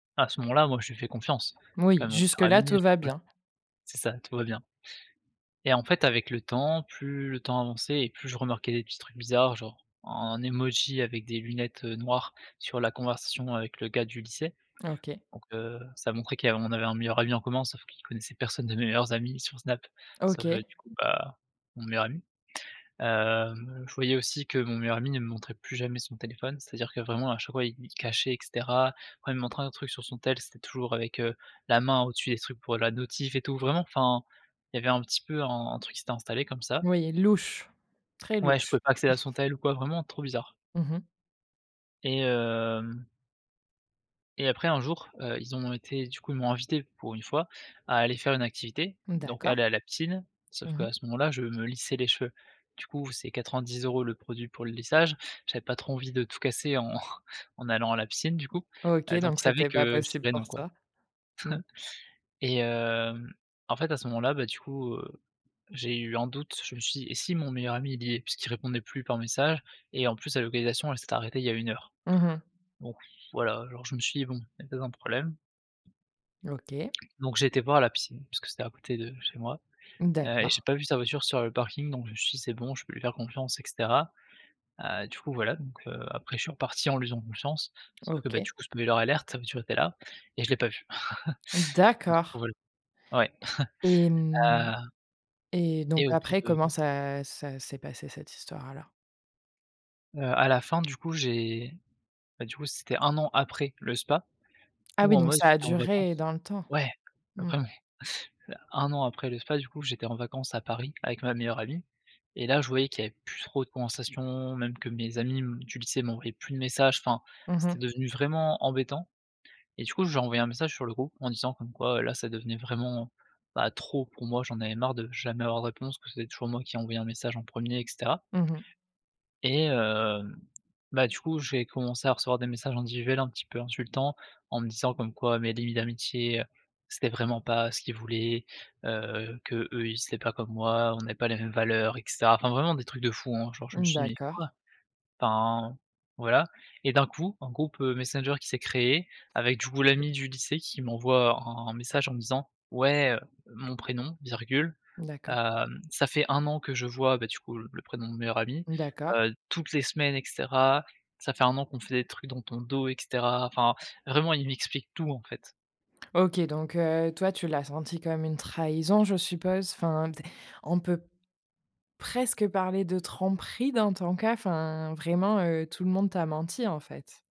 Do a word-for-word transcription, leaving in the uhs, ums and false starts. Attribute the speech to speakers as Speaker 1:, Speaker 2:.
Speaker 1: À ce moment-là, moi, je lui fais confiance. C'est quand
Speaker 2: Moui,
Speaker 1: même mon
Speaker 2: jusque
Speaker 1: meilleur
Speaker 2: là,
Speaker 1: ami,
Speaker 2: tout
Speaker 1: enfin,
Speaker 2: va
Speaker 1: voilà.
Speaker 2: bien.
Speaker 1: C'est ça, tout va bien. Et en fait, avec le temps, plus le temps avançait et plus je remarquais des petits trucs bizarres, genre, un emoji avec des lunettes, heu, noires sur la conversation avec le gars du lycée
Speaker 2: OK.
Speaker 1: donc heu, ça montrait qu'il y av on avait un meilleur ami en commun, sauf qu'il connaissait personne de mes meilleurs amis sur Snap, sauf, heu,
Speaker 2: OK.
Speaker 1: du coup, bah, mon meilleur ami. Hem, je voyais aussi que mon meilleur ami ne me montrait plus jamais son téléphone. C'est-à-dire que, vraiment, à chaque fois, il il cachait et cetera. Après il me montrait un autre truc sur son tel, c'était toujours avec, heu, la main au-dessus des trucs pour la notif et tout, vraiment, enfin, il y avait un petit peu un truc qui s'était installé comme ça.
Speaker 2: Oui, louche, très
Speaker 1: Ouais, je
Speaker 2: louche.
Speaker 1: pouvais pas accéder à son tel ou quoi, vraiment trop bizarre.
Speaker 2: Mmh mh.
Speaker 1: Et hem et après, un jour, heu, ils ont été du coup, ils m'ont invité, pour une fois, à aller faire une activité,
Speaker 2: Mmh.
Speaker 1: donc
Speaker 2: D'accord.
Speaker 1: aller à la piscine. Sauf
Speaker 2: Mmh
Speaker 1: qu'à
Speaker 2: mh.
Speaker 1: ce moment-là, je me lissais les cheveux. Du coup, c'est quatre-vingt-dix euros le produit pour le lissage. J'avais pas trop envie de tout casser en en allant à la piscine, du coup,
Speaker 2: OK
Speaker 1: heu donc
Speaker 2: donc
Speaker 1: ils savaient
Speaker 2: c'était pas
Speaker 1: que je
Speaker 2: possible
Speaker 1: dirais:
Speaker 2: pour
Speaker 1: «Non», quoi
Speaker 2: toi. Mmh.
Speaker 1: et hem, en fait, à ce moment-là, bah, du coup, heu, j'ai eu un doute. Je me suis dit: «Eh, si mon meilleur ami, il y est?» puisqu'il répondait plus par message et en plus, la localisation, elle s'était arrêtée, il y a une heure,
Speaker 2: Mmh mh.
Speaker 1: donc voilà, genre, je me suis dit: «Bon, il y a peut-être un problème».
Speaker 2: OK.
Speaker 1: Donc j'ai été voir à la piscine puisque c'était à côté de chez moi,
Speaker 2: Mmh.
Speaker 1: heu et
Speaker 2: D'accord.
Speaker 1: j'ai pas vu sa voiture sur le parking donc je me suis dit: «C'est bon. Je peux lui faire confiance et cetera» heu, du coup, voilà donc heu, après je suis reparti en lui faisant confiance, sauf que bah,
Speaker 2: OK.
Speaker 1: du coup, spoiler alert, sa voiture était là et je l'ai pas vue.
Speaker 2: Mmh.
Speaker 1: Donc je
Speaker 2: D'accord.
Speaker 1: pourrais le ouais.
Speaker 2: Et mmh
Speaker 1: Heu
Speaker 2: et donc
Speaker 1: et au bout
Speaker 2: après, comment
Speaker 1: de
Speaker 2: ça ça s'est passé, cette histoire alors?
Speaker 1: Heu, à la fin, du coup, j'ai bah, du coup, c'était un an après le spa
Speaker 2: Ah,
Speaker 1: où
Speaker 2: oui,
Speaker 1: en
Speaker 2: donc
Speaker 1: mode,
Speaker 2: ça a
Speaker 1: j'étais en
Speaker 2: duré
Speaker 1: vacances
Speaker 2: dans le temps.
Speaker 1: ouais après,
Speaker 2: Mmh.
Speaker 1: ouais, un an après le spa, du coup, j'étais en vacances à Paris avec ma meilleure amie et là, je voyais qu'il y avait plus trop de conversations, même que mes amis, mmh, du lycée m'envoyaient plus de messages. Enfin,
Speaker 2: Mmh
Speaker 1: c'était
Speaker 2: mh.
Speaker 1: devenu vraiment embêtant et du coup, j'ai envoyé un message sur le groupe en disant comme quoi là ça devenait vraiment, heu, bah, trop pour moi. J'en avais marre de jamais avoir de réponse, que c'était toujours moi qui envoyais un message en premier et cetera
Speaker 2: Mmh mh.
Speaker 1: et hem, bah, du coup, j'ai commencé à recevoir des messages individuels un petit peu insultants en me disant comme quoi mes limites d'amitié, c'était vraiment pas ce qu'ils voulaient, heu, qu'eux, ils étaient pas comme moi. On n'avait pas les mêmes valeurs et cetera. Enfin, vraiment des trucs de fou, hein, genre, je me
Speaker 2: Mmh.
Speaker 1: suis dit: «Mais
Speaker 2: D'accord.
Speaker 1: quoi?» Enfin, voilà et d'un coup, un groupe, heu, Messenger qui s'est créé avec, du coup, l'ami du lycée qui m'envoie un un message en me disant: «Ouais, heu, mon prénom, virgule,
Speaker 2: D'accord.
Speaker 1: hem, ça fait un an que je vois, bah, du coup, le le prénom de mon meilleur ami,
Speaker 2: Mmh. D'accord.
Speaker 1: heu, toutes les semaines et cetera. Ça fait un an qu'on fait des trucs dans ton dos et cetera» enfin, vraiment il m'explique tout, en fait.
Speaker 2: OK, donc heu, toi, tu l'as senti comme une trahison, je suppose. Enfin, tu es on peut presque parler de tromperie dans ton cas, enfin. Vraiment, heu, tout le monde t'a menti, en fait.